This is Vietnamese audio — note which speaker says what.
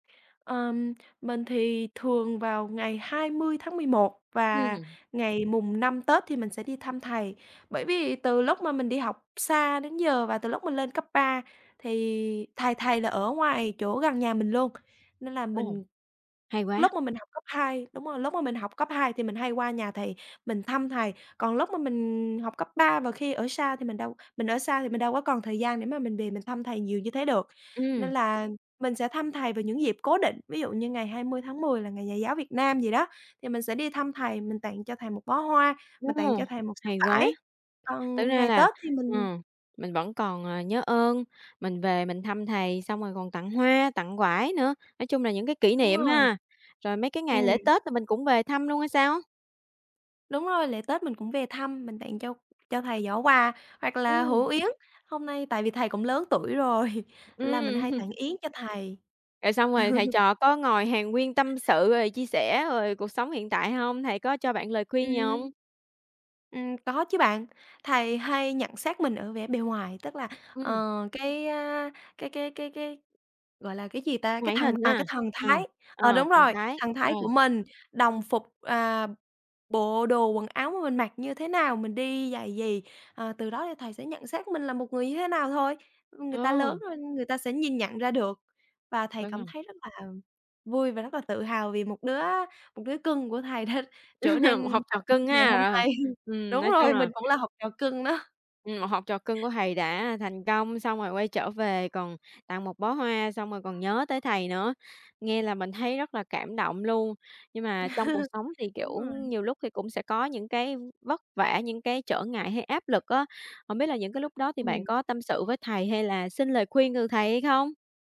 Speaker 1: Ờm, mình thì thường vào ngày 20/11 và
Speaker 2: Ừm.
Speaker 1: ngày mùng 5 Tết thì mình sẽ đi thăm thầy, bởi vì từ lúc mà mình đi học xa đến giờ và từ lúc mình lên cấp 3 thì thầy thầy là ở ngoài chỗ gần nhà mình luôn nên là
Speaker 2: Ồ.
Speaker 1: mình
Speaker 2: Hay quá.
Speaker 1: lúc mà mình học cấp 2, đúng rồi, lúc mà mình học cấp 2 thì mình hay qua nhà thầy mình thăm thầy, còn lúc mà mình học cấp 3 và khi ở sa thì mình đâu mình ở xa thì mình đâu có còn thời gian để mà mình về mình thăm thầy nhiều như thế được. Nên
Speaker 2: Ừm.
Speaker 1: là mình sẽ thăm thầy vào những dịp cố định. Ví dụ như ngày 20/10 là ngày nhà giáo Việt Nam vậy đó thì mình sẽ đi thăm thầy, mình tặng cho thầy một bó hoa,
Speaker 2: Ô!
Speaker 1: mình tặng cho thầy một sấp
Speaker 2: Hay quá.
Speaker 1: vải.
Speaker 2: Thực
Speaker 1: Còn
Speaker 2: ra
Speaker 1: ngày
Speaker 2: là,
Speaker 1: Tết thì mình
Speaker 2: ừm, mình vẫn còn, ờ, nhớ ơn, mình về mình thăm thầy, xong rồi còn tặng hoa, tặng vải nữa. Nói chung là những cái kỷ
Speaker 1: Đúng
Speaker 2: niệm
Speaker 1: rồi.
Speaker 2: ha. Rồi mấy cái ngày
Speaker 1: Ừm.
Speaker 2: lễ Tết là mình cũng về thăm luôn hay sao?
Speaker 1: Đúng rồi, lễ Tết mình cũng về thăm, mình tặng cho cho thầy giỏ quà hoặc là
Speaker 2: Ưm.
Speaker 1: hũ yến. Hôm nay tại vì thầy cũng lớn tuổi rồi nên là mình
Speaker 2: Ừm
Speaker 1: hay
Speaker 2: hưm.
Speaker 1: tặng yến cho thầy.
Speaker 2: Rồi xong rồi thầy trò có ngồi hàn huyên tâm sự, rồi chia sẻ, rồi cuộc sống hiện tại hông? Thầy có cho bạn lời
Speaker 1: Ừm.
Speaker 2: khuyên gì hông?
Speaker 1: Ừm, có chứ bạn. Thầy hay nhận xét mình ở vẻ bề ngoài, tức là,
Speaker 2: Ừm.
Speaker 1: ờ, cái, a, cái cái cái cái, gọi là cái gì ta, cái
Speaker 2: Ngoại
Speaker 1: thần,
Speaker 2: hình
Speaker 1: à,
Speaker 2: ha.
Speaker 1: cái thần
Speaker 2: Ờ.
Speaker 1: thái. Ờ,
Speaker 2: Ờ,
Speaker 1: đúng
Speaker 2: thần
Speaker 1: rồi,
Speaker 2: thái.
Speaker 1: thần
Speaker 2: Ờ.
Speaker 1: thái của mình, đồng phục à, bộ đồ quần áo mà mình mặc như thế nào? Mình đi giày gì? À, từ đó thì thầy sẽ nhận xét mình là một người như thế nào thôi. Ưm, người ta
Speaker 2: Ờ.
Speaker 1: lớn rồi, người ta sẽ nhìn nhận ra được và thầy
Speaker 2: Đúng
Speaker 1: cảm
Speaker 2: hông?
Speaker 1: thấy rất là vui và rất là tự hào vì một đứa một đứa cưng của thầy đã trở nên
Speaker 2: Học
Speaker 1: tốt
Speaker 2: trò
Speaker 1: được
Speaker 2: cưng
Speaker 1: như ngày
Speaker 2: ha,
Speaker 1: hôm
Speaker 2: ờ.
Speaker 1: nay.
Speaker 2: Ừm,
Speaker 1: Đúng
Speaker 2: nói chung
Speaker 1: rồi, mình
Speaker 2: là
Speaker 1: cũng là học trò cưng đó.
Speaker 2: Ừm, một học trò cưng của thầy đã thành công, xong rồi quay trở về, còn tặng 1 bó hoa, xong rồi còn nhớ tới thầy nữa, nghe là mình thấy rất là cảm động luôn. Nhưng mà trong cuộc sống thì,
Speaker 1: Đúng
Speaker 2: kiểu,
Speaker 1: rồi.
Speaker 2: nhiều lúc thì cũng sẽ có những cái vất vả, những cái trở ngại hay áp lực á. Hông biết là những cái lúc đó thì bạn
Speaker 1: Ừm.
Speaker 2: có tâm sự với thầy hay là xin lời khuyên từ thầy hay không?